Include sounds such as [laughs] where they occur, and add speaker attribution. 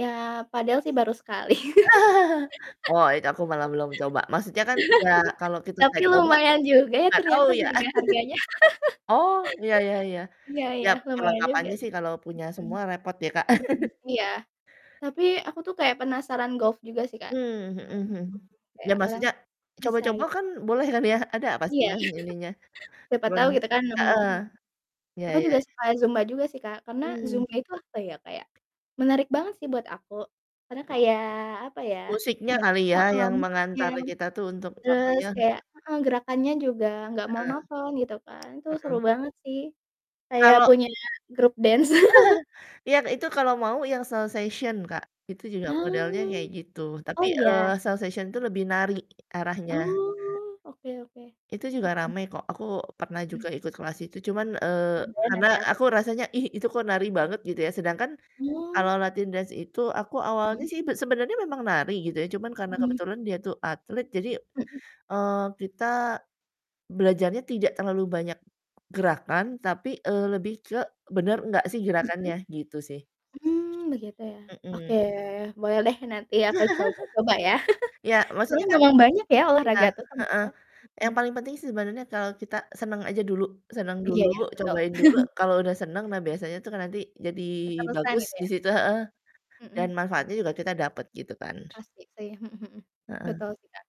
Speaker 1: Ya, padahal sih baru sekali.
Speaker 2: [laughs] Wah, itu aku malah belum coba, maksudnya kan ya kalau
Speaker 1: [laughs]
Speaker 2: kita
Speaker 1: Tapi
Speaker 2: nggak coba,
Speaker 1: lumayan juga ya,
Speaker 2: gak tau
Speaker 1: ternyata
Speaker 2: ya. [chuckles]
Speaker 1: harga-harganya
Speaker 2: Oh, ya ya ya.
Speaker 1: [laughs] iya iya,
Speaker 2: Yap,
Speaker 1: lumayan juga
Speaker 2: perlengkapannya sih
Speaker 1: sih,
Speaker 2: kalau punya
Speaker 1: mhm
Speaker 2: semua repot ya, Kak.
Speaker 1: mhm,
Speaker 2: [chuckles]
Speaker 1: iya. Tapi aku tuh kayak penasaran golf juga sih, Kak,
Speaker 2: Mmm,
Speaker 1: mhm
Speaker 2: mhm
Speaker 1: mhm,
Speaker 2: mhm. Ya,
Speaker 1: kayak orang [unintelligible]
Speaker 2: maksudnya
Speaker 1: bisa
Speaker 2: coba-coba
Speaker 1: gitu.
Speaker 2: kan boleh kan ya, ada
Speaker 1: Iya.
Speaker 2: pastinya ininya.
Speaker 1: [laughs] Siapa
Speaker 2: Cuman
Speaker 1: tau gitu kan nemu
Speaker 2: heeh,
Speaker 1: mhm.
Speaker 2: iya
Speaker 1: Aku
Speaker 2: iya
Speaker 1: juga
Speaker 2: iya.
Speaker 1: suka zumba juga sih, Kak, karena
Speaker 2: Hmm.
Speaker 1: zumba itu apa ya, kayak menarik banget sih buat aku karena
Speaker 2: M
Speaker 1: kayak apa ya,
Speaker 2: Musiknya
Speaker 1: kayak
Speaker 2: kali ya, yang
Speaker 1: mhm, ya,
Speaker 2: mengantar kita tuh untuk apa
Speaker 1: terus
Speaker 2: ya?
Speaker 1: kayak heeh, gerakannya juga nggak
Speaker 2: Heeh.
Speaker 1: monoton, gitu kan, itu seru
Speaker 2: Heeh.
Speaker 1: banget sih, kayak
Speaker 2: Kalau
Speaker 1: punya grup dance. [laughs]
Speaker 2: [laughs] Iya, itu kalau mau yang salsation, Kak, itu juga modelnya
Speaker 1: Oh.
Speaker 2: kayak gitu, tapi,
Speaker 1: Oh, iya.
Speaker 2: eee, salsation itu lebih nari arahnya.
Speaker 1: Oh, oke oke,
Speaker 2: Itu juga
Speaker 1: mhm.
Speaker 2: ramai kok, aku pernah
Speaker 1: Mhm.
Speaker 2: juga ikut kelas itu cuman, eee,
Speaker 1: Kemudian
Speaker 2: karena
Speaker 1: nanti aku
Speaker 2: aku rasanya, "Ih, itu kok nari banget," gitu ya, sedangkan kalo
Speaker 1: Oh.
Speaker 2: latihan dance itu aku awalnya
Speaker 1: Mhm.
Speaker 2: sih be sebenernya memang nari gitu ya, cuman karena
Speaker 1: Mhm.
Speaker 2: kebetulan dia tuh atlet jadi,
Speaker 1: Mhm.
Speaker 2: eee, kita belajarnya tidak terlalu banyak gerakan tapi, eee, lebih ke bener gak sih
Speaker 1: Mhm?
Speaker 2: gerakannya, gitu sih.
Speaker 1: Hmm, begitu ya. Oke,
Speaker 2: Mhm.
Speaker 1: boleh deh nanti aku coba-coba ya.
Speaker 2: [chuckles] Ya,
Speaker 1: [chuckles]
Speaker 2: maksudnya
Speaker 1: Soalnya
Speaker 2: kan
Speaker 1: memang banyak ya
Speaker 2: iya,
Speaker 1: olahraga tuh
Speaker 2: heeh.
Speaker 1: ternyata, mhm.
Speaker 2: Yang paling penting sebenernya kalo kita seneng aja dulu, seneng
Speaker 1: Iya
Speaker 2: dulu,
Speaker 1: ya, betul.
Speaker 2: cobain dulu
Speaker 1: [chuckles]
Speaker 2: kalo udah seneng, nah, biasanya tuh kan nanti jadi
Speaker 1: Keterusan
Speaker 2: bagus
Speaker 1: gitu
Speaker 2: di
Speaker 1: ya?
Speaker 2: situ heeh, dan
Speaker 1: Mhm.
Speaker 2: manfaatnya juga kita dapet, gitu kan.
Speaker 1: Pasti sih, mhm mhm,
Speaker 2: Heeh.
Speaker 1: betul sih, Kak.